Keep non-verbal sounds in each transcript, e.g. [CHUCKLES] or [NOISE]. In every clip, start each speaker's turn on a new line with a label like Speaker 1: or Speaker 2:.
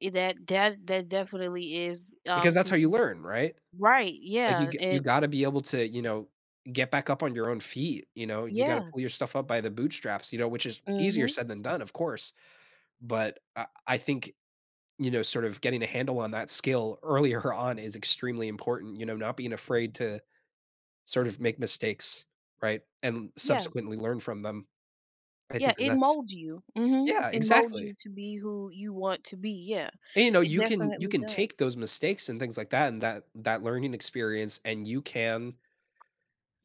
Speaker 1: E that that that definitely is,
Speaker 2: Because
Speaker 1: um,
Speaker 2: that's how
Speaker 1: 'cause
Speaker 2: you
Speaker 1: you
Speaker 2: learn, right,
Speaker 1: right,
Speaker 2: like, you
Speaker 1: yeah,
Speaker 2: g you
Speaker 1: and
Speaker 2: gotta be able to, you know, get back up on your own feet, you know, you gotta
Speaker 1: Yeah.
Speaker 2: pull your stuff up by the bootstraps, you know, which is easier
Speaker 1: Mhm.
Speaker 2: said than done, of course, but, I I think, you know, sort of getting a handle on that skill earlier on is extremely important, you know, not being afraid to sort of make mistakes, right, and
Speaker 1: Yeah.
Speaker 2: subsequently learn from them. I
Speaker 1: Yeah,
Speaker 2: think that
Speaker 1: it
Speaker 2: that's
Speaker 1: molds you. Mhm.
Speaker 2: Yeah,
Speaker 1: It molds
Speaker 2: exactly.
Speaker 1: you to be who you want to be, yeah,
Speaker 2: And you know,
Speaker 1: it
Speaker 2: you can you
Speaker 1: definitely
Speaker 2: can
Speaker 1: does.
Speaker 2: take those mistakes and things, like, that, and that, that learning experience, and you can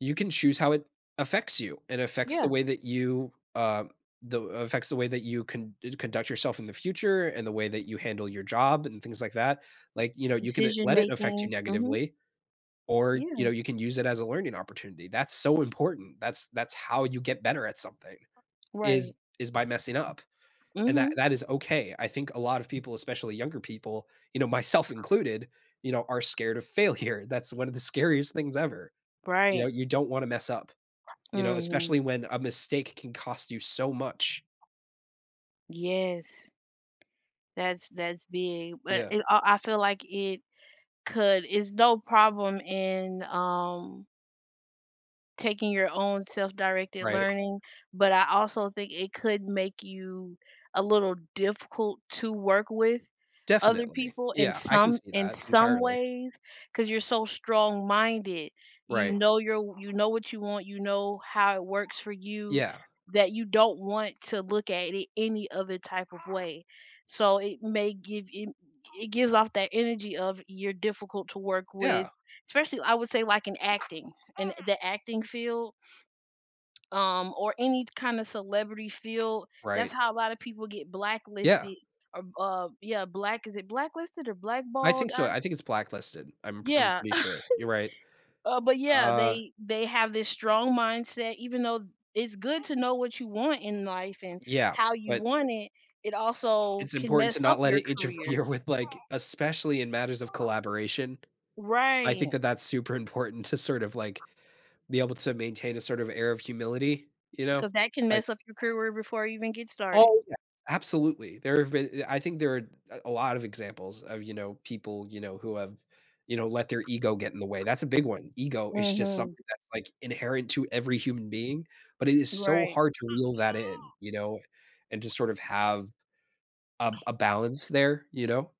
Speaker 2: you can choose how it affects you. It affects the
Speaker 1: Yeah.
Speaker 2: way that you, uh, the affects the way that you con d conduct yourself in the future, and the way that you handle your job and things like that. Like, you know, you can, uh,
Speaker 1: Decision
Speaker 2: let it affect you
Speaker 1: making, mhm.
Speaker 2: negatively, or, you know,
Speaker 1: Yeah.
Speaker 2: you can use it as a learning opportunity. That's so important. That's that's how you get better at something, is,
Speaker 1: Right.
Speaker 2: is by messing up, and that
Speaker 1: Mhm.
Speaker 2: that is okay. I think a lot of people, especially younger people, you know, myself included, you know, are scared of failure. That's one of the scariest things ever. You know,
Speaker 1: Right.
Speaker 2: you don't wanna mess up, you know,
Speaker 1: Mhm.
Speaker 2: especially when a mistake can cost you so much.
Speaker 1: Yes. That's, that's big, but
Speaker 2: Yeah.
Speaker 1: it I I feel like it could, it's no problem in, um taking your own self-directed
Speaker 2: Right.
Speaker 1: learning, but I also think it could make you a little difficult to work with other
Speaker 2: Definitely,
Speaker 1: people in
Speaker 2: yeah, I can
Speaker 1: some
Speaker 2: see
Speaker 1: in
Speaker 2: that
Speaker 1: some
Speaker 2: entirely.
Speaker 1: ways 'cause you're so strong-minded, you
Speaker 2: Right.
Speaker 1: know you're w you know what you want, you know how it works for you
Speaker 2: Yeah.
Speaker 1: that you don't want to look at it any other type of way. So it may give I it gives off that energy of you're difficult to work with,
Speaker 2: Yeah.
Speaker 1: especially I would say, like, in acting, and the acting field um, or any kinda celebrity field, that's
Speaker 2: Right.
Speaker 1: how a lotta people get
Speaker 2: Yeah.
Speaker 1: blacklisted, or, uh, yeah, black, is it blacklisted or
Speaker 2: I
Speaker 1: blackballed,
Speaker 2: think so.
Speaker 1: are
Speaker 2: I think it's blacklisted. I'm p I'm
Speaker 1: Yeah.
Speaker 2: pretty sure you're right.
Speaker 1: [CHUCKLES] Uh, but, yeah,
Speaker 2: Uh
Speaker 1: they they have this strong mindset, even though it's good to know what you want in life and
Speaker 2: Yeah,
Speaker 1: how you
Speaker 2: but
Speaker 1: want it, it also
Speaker 2: It's
Speaker 1: can
Speaker 2: important
Speaker 1: mess
Speaker 2: to
Speaker 1: up
Speaker 2: not let
Speaker 1: your
Speaker 2: it
Speaker 1: career.
Speaker 2: interfere with, like, especially in matters of collaboration, I think
Speaker 1: Right.
Speaker 2: that that's super important to sort of, like, be able to maintain a sort of air of humility, you know,
Speaker 1: 'Cause that can
Speaker 2: I
Speaker 1: mess up your career before it even get started.
Speaker 2: Oh, yeah, absolutely. There have been, I I think there a a lot of examples of, you know, people, you know, who have, you know, let their ego get in the way. That's a big one. Ego is just
Speaker 1: Mhm.
Speaker 2: something that's, like, inherent to every human being, but, it is so
Speaker 1: Right.
Speaker 2: hard to reel that in, you know, and to sort of have a a balance there, you know.